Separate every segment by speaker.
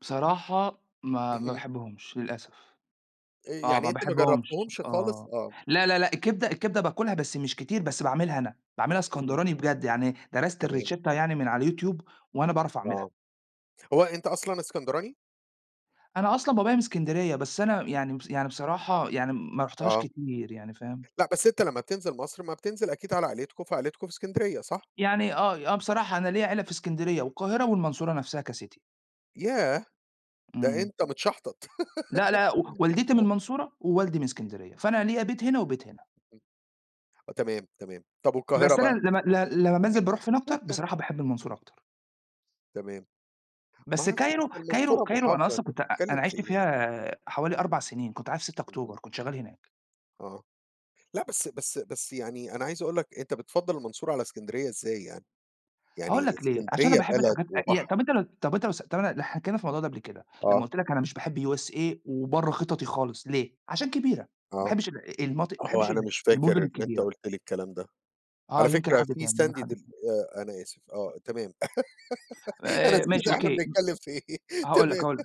Speaker 1: بصراحة ما ما
Speaker 2: اهم.
Speaker 1: باحبهمش للأسف،
Speaker 2: آآ،
Speaker 1: آه
Speaker 2: يعني
Speaker 1: ما
Speaker 2: أنت ما
Speaker 1: باحبهمش
Speaker 2: جربتهمش خالص؟
Speaker 1: آه،
Speaker 2: آه.
Speaker 1: لا، لا، لأ الكبدة الكبدة باكلها بس مش كتير، بس باعملها أنا، باعملها
Speaker 2: [unintelligible]
Speaker 1: إسكندراني بجد، يعني درست
Speaker 2: تمام.
Speaker 1: الRicetta يعني من على الYouTube وأنا باعرف أعملها.
Speaker 2: آه، هو أنت أصلًا إسكندراني؟
Speaker 1: أنا أصلًا بابايا من إسكندرية، بس أنا يعني ب
Speaker 2: [unintelligible]
Speaker 1: يعني بصراحة يعني ما رحتهاش
Speaker 2: آه.
Speaker 1: كتير يعني فاهم؟
Speaker 2: لأ بس أنت لما بتنزل مصر ما بتنزل أكيد على عيلتكم فعيلتكم في إسكندرية صح؟
Speaker 1: يعني آه آه بصراحة أنا ليَّ عيلة في إسكندرية والقاهرة والمنصورة نفسها كCity.
Speaker 2: ياه! ده
Speaker 1: امم.
Speaker 2: أنت متشحطط.
Speaker 1: لا، لأ و والدتي من
Speaker 2: [unintelligible]
Speaker 1: المنصورة ووالدي من إسكندرية، فأنا ليَّ بيت هنا وبيت هنا.
Speaker 2: [unintelligible] آه، تمام، تمام. طَب والقاهرة
Speaker 1: بس أنا
Speaker 2: بقى؟
Speaker 1: لما ل لما بانزل باروح فين أكتر، بصراحة باحب المنصورة أكتر.
Speaker 2: تمام ما
Speaker 1: بس
Speaker 2: أعرفش بس
Speaker 1: Cairo Cairo
Speaker 2: المنصورة
Speaker 1: Cairo أنا
Speaker 2: محافظة أنت
Speaker 1: أصلًا كنت أ أ
Speaker 2: بتتكلم
Speaker 1: أنا
Speaker 2: في
Speaker 1: عشت
Speaker 2: إيه؟
Speaker 1: فيها حوالي 4 سنين كنت قاعد في 6
Speaker 2: اهم.
Speaker 1: أكتوبر، كنت شغال هناك.
Speaker 2: آه. لأ بس بس بس يعني أنا عايز أقول لك أنت بتفضل المنصورة على إسكندرية إزاي يعني؟!
Speaker 1: هاقول
Speaker 2: يعني
Speaker 1: لك ليه، عشان أنا
Speaker 2: إسكندرية
Speaker 1: باحب
Speaker 2: بلد
Speaker 1: الحاجات آه، إيه،
Speaker 2: وبحر.
Speaker 1: طَب أنت طَب أنت لو سا طَب أنا حكينا في الموضوع ده قبل كده، لمّا
Speaker 2: آه.
Speaker 1: قلت لك أنا مش باحب USA وبرَّه خططي خالص ليه؟ عشان كبيرة، ما
Speaker 2: آه.
Speaker 1: باحبش ال المناطق ما
Speaker 2: هو
Speaker 1: باحبش
Speaker 2: أنا
Speaker 1: ال
Speaker 2: مش فاكر
Speaker 1: المدن
Speaker 2: إن أنت
Speaker 1: الكبيرة.
Speaker 2: قُلت لي الكلام ده.
Speaker 1: آه،
Speaker 2: على
Speaker 1: يمكن
Speaker 2: فكرة
Speaker 1: حد
Speaker 2: فيه
Speaker 1: تاني، يمكن حد
Speaker 2: [unintelligible]
Speaker 1: تاني.
Speaker 2: آآ أنا آسف، آه، تمام أنا
Speaker 1: آآ
Speaker 2: نسيت
Speaker 1: ماشي
Speaker 2: إحنا
Speaker 1: أوكي،
Speaker 2: بنتكلم في إيه؟
Speaker 1: هاقول لك
Speaker 2: تمام
Speaker 1: هاقول لك،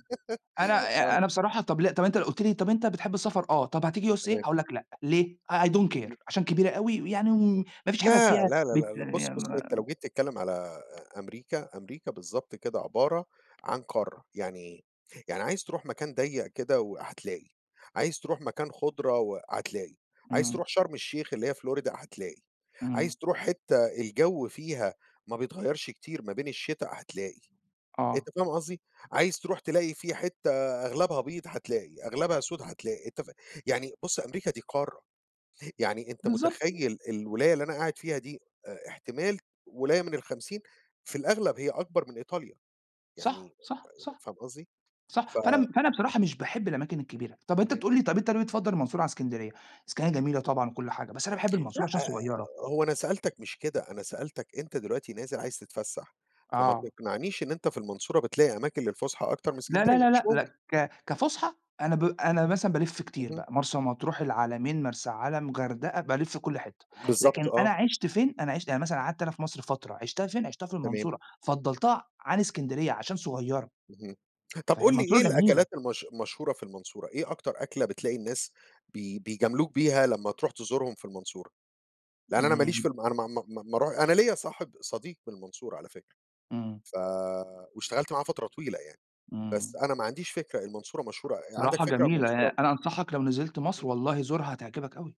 Speaker 1: أنا ي
Speaker 2: آه.
Speaker 1: أنا بصراحة طَب لأ، طَب لو أنت قلُت لي، طَب أنت بتحب السفر؟ آه، طَب هتيجي USA؟
Speaker 2: تمام.
Speaker 1: هاقول لك لأ، ليه؟ I Don't Care
Speaker 2: [unintelligible]
Speaker 1: عشان كبيرة أوي، ويعني وم مافيش حاجة
Speaker 2: لا،
Speaker 1: فيها
Speaker 2: لا، لا،
Speaker 1: بت
Speaker 2: لا، لأ بُص، بُص أنت لو
Speaker 1: [unintelligible]
Speaker 2: جيت تتكلم على أ أمريكا أمريكا بالضبط كده عبارة عن قارة يعني إيه؟ يعني عايز تروح مكان ضيق كده و هتلاقي، عايز ترُوح مكان خُضرة و هتلاقي، عايز
Speaker 1: امم.
Speaker 2: ترُوح شرم الشيخ اللي هي Florida هتلاقي،
Speaker 1: امم.
Speaker 2: عايز ترُوح حِتّة الجو فيها ما بيتغيرش كتير ما بين الشتا، هتلاقي، أنت
Speaker 1: آه.
Speaker 2: فاهم قصدي؟ عايز ترُوح تلاقي فيه حِتّة أغلبها بيض هتلاقي، أغلبها سود هتلاقي، أنت فاهم، يعني بُص أمريكا دي قارة، يعني أنت
Speaker 1: بالضبط.
Speaker 2: متخيل الولاية اللي أنا قاعد فيها دي أ-احتمال ولاية من ال50 في الأغلب هي أكبر من إيطاليا
Speaker 1: صح،
Speaker 2: يعني
Speaker 1: صح،
Speaker 2: أ
Speaker 1: صح،
Speaker 2: فاهم قصدي؟ ف
Speaker 1: صح، فأنا فأنا بصراحة مش باحب الأماكن الكبيرة، طَب أنت
Speaker 2: [unintelligible]
Speaker 1: بتقول لي طَب أنت ليه بتفضل المنصورة على إسكندرية؟ إسكندرية جميلة طبعًا وكل حاجة، بس أنا باحب المنصورة
Speaker 2: لأ،
Speaker 1: عشان صغيرة.
Speaker 2: هو أنا سألتك مش كده، أنا سألتك أنت دلوقتي نازل عايز تتفسح، فما
Speaker 1: آه.
Speaker 2: تقنعنيش إن أنت في المنصورة بتلاقي أماكن للفسحة أكتر من
Speaker 1: لا
Speaker 2: إسكندرية،
Speaker 1: لا
Speaker 2: مش
Speaker 1: لأ لأ
Speaker 2: ممكن!
Speaker 1: ك كفسحة أنا ب أنا مثلًا بالف كتير
Speaker 2: اهم.
Speaker 1: بقى، مرسى مطروح، العلمين، مرسى علم، غردقة، بالف كل حِتّة،
Speaker 2: بالضبط
Speaker 1: لكن أنا
Speaker 2: آه.
Speaker 1: عشت فين؟ أنا عشت يعني مثلًا قعدت أنا في مصر فترة، عشتها فين؟ عشتها في
Speaker 2: تمام.
Speaker 1: المنصورة، فضلتها عن إسكندرية عشان صغيرة.
Speaker 2: اهم، طَب
Speaker 1: فهي
Speaker 2: قل لي إيه
Speaker 1: المنصورة جميلة.
Speaker 2: الأكلات المش المشهورة في المنصورة؟ إيه أكتر أكلة بتلاقي الناس بي بيجاملوك بيها لما ترُوح تزورهم في المنصورة؟ لإن أنا ماليش في
Speaker 1: امم.
Speaker 2: ال أنا ما ما ما ما رح أنا ليَّ صاحب صديق من المنصورة على فكرة،
Speaker 1: امم.
Speaker 2: ف واشتغلت معاه فترة طويلة يعني، بس
Speaker 1: امم.
Speaker 2: أنا ما عنديش فكرة المنصورة مشهورة عندك
Speaker 1: الصراحة
Speaker 2: فكرة عن
Speaker 1: جميلة، آآ،
Speaker 2: المنصورة؟
Speaker 1: أنا أنصحك لو نزلت
Speaker 2: [unintelligible]
Speaker 1: مصر والله زورها هتعجبك أوي.